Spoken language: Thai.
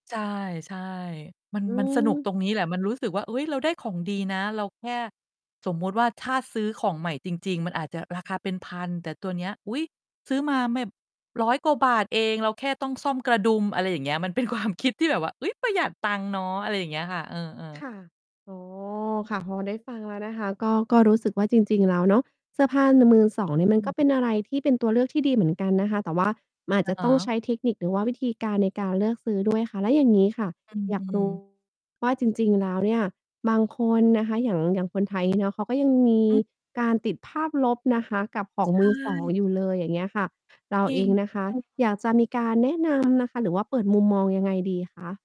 ใช่ ใช่ มัน อืมันสนุกม ตรงนี้แหละ มันรู้สึกว่า "เฮ้ย! เราได้ของดีนะ เราแค่ สมมุติว่า ถ้าซื้อของใหม่จริง ๆ มันอาจจะราคาเป็นพัน แต่ตัวเนี้ย อุ๊ย! ซื้อมาแบบ 100 กว่าบาทเอง เราแค่ต้องซ่อมกระดุม" อะไรอย่างเงี้ย มัน เป็นความ คิดที่แบบว่า "อุ๊ย! ประหยัดตังค์เนาะ" อะไรอย่างเงี้ยค่ะ เออ ๆ ค่ะ อ๋อ ค่ะ พอได้ฟังแล้วนะคะ ก็ ก็รู้สึกว่าจริง ๆ แล้วเนาะ เสื้อผ้า น มือสองนี่มัอนก็เปืม ็นอะไรที่เป็นตัวเลือกที่ดีเหมือนกันนะคะ แต่ว่า มันอาจอะจะฮต้องใชะ ้เทคนิค หรือว่าวิธีการในการเลือกซื้อด้วย ค่ะ แล้วอย่างงี้ค่ะ อือ อยาอืก รู้ อ ว่า จริง ๆ แล้ว เนี่ย บางคนนะคะ อย่าง อย่างคนไทย งี้เนาะ เขาก็ยังมีอืม การติดภาพลบนะคะกับของใชมือสอง่ อยู่เลย อย่างเงี้ยค่ะ เราจริเอง งนะคะเออ อยากจะมีการแนะนำ นะคะ หรือว่าเปิดมุมมองยังไงดี คะ?